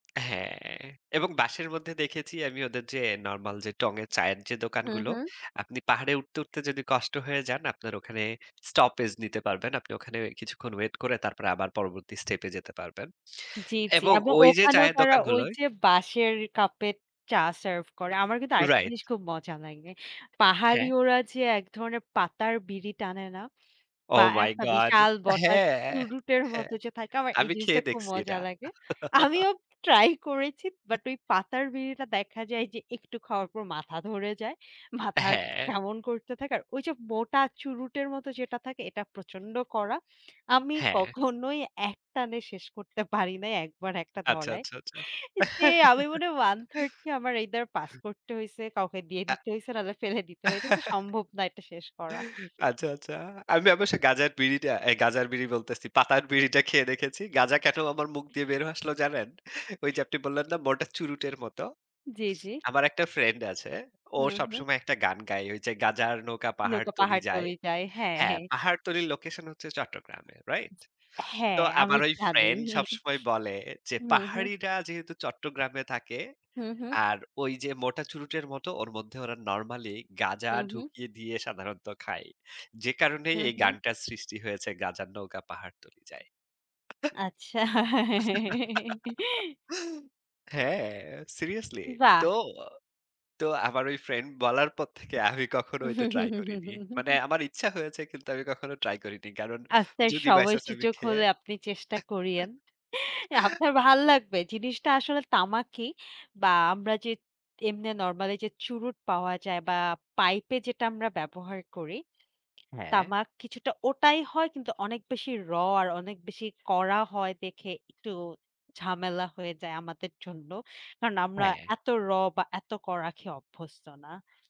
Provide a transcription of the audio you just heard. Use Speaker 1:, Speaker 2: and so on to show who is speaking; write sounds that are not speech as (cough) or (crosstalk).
Speaker 1: হ্যাঁ। এবং বাঁশের মধ্যে দেখেছি আমি ওদের যে নরমাল যে টঙের চায়ের যে
Speaker 2: হুঁ,
Speaker 1: দোকানগুলো,
Speaker 2: হুঁ।
Speaker 1: আপনি পাহাড়ে উঠতে, উঠতে যদি কষ্ট হয়ে যান আপনার ওখানে স্টপেজ নিতে পারবেন। আপনি ওখানে কিছুক্ষণ ওয়েট করে তারপরে আবার পরবর্তী স্টেপ এ যেতে পারবেন।
Speaker 2: জ্বী, জ্বী।
Speaker 1: এবং
Speaker 2: এবং
Speaker 1: ওই যে
Speaker 2: ওখানেও
Speaker 1: চায়ের
Speaker 2: তারা ওই
Speaker 1: দোকানগুলোয়
Speaker 2: যে বাঁশের কাপের চা সার্ভ করে। আমার কিন্তু আরেকটা
Speaker 1: রাইট।
Speaker 2: জিনিস খুব মজা লাগে। পাহাড়ি
Speaker 1: হ্যাঁ।
Speaker 2: ওরা যে একধরনের পাতার বিড়ি টানে না? বা
Speaker 1: ওহ মাই
Speaker 2: একটা
Speaker 1: গড।
Speaker 2: বিশাল বটা
Speaker 1: হ্যাঁ,
Speaker 2: চুরুটের
Speaker 1: হ্যাঁ।
Speaker 2: মতো যে থাকে আমার এই
Speaker 1: আমি
Speaker 2: জিনিসটা
Speaker 1: খেয়ে
Speaker 2: খুব
Speaker 1: দেখছি এটা।
Speaker 2: মজা লাগে।
Speaker 1: (chuckles)
Speaker 2: আমিও ট্রাই করেছি। বাট ওই পাতার বিড়িটা দেখা যায় যে একটু খাওয়ার পর মাথা ধরে যায়। মাথা
Speaker 1: হ্যাঁ।
Speaker 2: কেমন করতে থাকে। আর ওইসব মোটা চুরুটের মতো যেটা থাকে এটা প্রচন্ড কড়া। আমি
Speaker 1: হ্যাঁ।
Speaker 2: কখনোই একটানে শেষ করতে পারিনাই ১ বার ১ টা
Speaker 1: আচ্ছা,
Speaker 2: ধরায়।
Speaker 1: আচ্ছা, আচ্ছা।
Speaker 2: যে আমি মনে হয় 1/3 কি আমার এইদার পাস
Speaker 1: (laughs)
Speaker 2: করতে হইছে, কাউকে দিয়ে
Speaker 1: অ্যা
Speaker 2: দিতে হইছে নাহলে ফেলে দিতে হয়েছে যে
Speaker 1: (laughs)
Speaker 2: সম্ভব না এটা শেষ করা।
Speaker 1: আচ্ছা, আচ্ছা। আমি অবশ্য গাঁজার বিড়িটা, আই গাঁজার বিড়ি বলতেছি। পাতার বিড়িটা খেয়ে দেখেছি। গাঁজা কেন আমার মুখ দিয়ে বের হয়ে আসলো জানেন? ঐ যে
Speaker 2: (chuckles)
Speaker 1: আপনি বললেন না মোটা চুরুটের মত।
Speaker 2: জ্বী, জ্বী।
Speaker 1: আমার একটা ফ্রেন্ড আছে। ও
Speaker 2: হুঁ, হুঁ।
Speaker 1: সবসময় একটা গান গায়। ওই যে গাঁজার নৌকা
Speaker 2: নৌকা
Speaker 1: পাহাড়তলি যায়।
Speaker 2: পাহাড়তলি যায়, হ্যাঁ,
Speaker 1: হ্যাঁ
Speaker 2: হ্যাঁ।
Speaker 1: পাহাড়তলির লোকেশন হচ্ছে চট্টগ্রামে। রাইট? তো
Speaker 2: হ্যাঁ আমি
Speaker 1: আমার ওই
Speaker 2: জানি।
Speaker 1: ফ্রেন্ড সবসময় বলে যে,
Speaker 2: হুম, হুম।
Speaker 1: "পাহাড়িরা যেহেতু চট্টগ্রামে থাকে
Speaker 2: হুঁ, হুঁ।
Speaker 1: আর ওই যে মোটা চুরুটের মতো ওর মধ্যে ওরা নরমালি গাঁজা
Speaker 2: হুঁ, হুঁ।
Speaker 1: ঢুকিয়ে দিয়ে সাধারণত খায়। যে কারণেই
Speaker 2: হুঁ,
Speaker 1: এই
Speaker 2: হুঁ।
Speaker 1: গানটার সৃষ্টি হয়েছে গাঁজার নৌকা পাহাড়তলি যায়।"
Speaker 2: আচ্ছা।
Speaker 1: (laughs)
Speaker 2: (laughs)
Speaker 1: হ্যাঁ সিরিয়াসলি। তো,
Speaker 2: বাহ!
Speaker 1: তো আমার ঐ ফ্রেন্ড বলার পর থেকে আমি কখনো ওইটা ট্রাই করিনি। মানে
Speaker 2: (laughs)
Speaker 1: আমার ইচ্ছা হয়েছে কিন্তু আমি কখনো ট্রাই করিনি। কারণ
Speaker 2: আপনার
Speaker 1: যদি বাই চান্স আমি
Speaker 2: সময়সুযোগ
Speaker 1: খেয়ে
Speaker 2: হলে আপনি চেষ্টা করিয়েন।
Speaker 1: (laughs)
Speaker 2: আপনার ভাল লাগবে। জিনিসটা আসলে তামাকই বা আমরা যে এমনে নরমালি যে চুরুট পাওয়া যায় বা পাইপে যেটা আমরা ব্যবহার করি
Speaker 1: হ্যাঁ।
Speaker 2: তামাক কিছুটা ওটাই হয় কিন্তু অনেক বেশি 'র' আর অনেক বেশি কড়া হয় দেখে একটু ঝামেলা হয়ে যায় আমাদের জন্য। কারণ আমরা
Speaker 1: হ্যাঁ।
Speaker 2: এত 'র' বা এত কড়া খেয়ে অভ্যস্ত না।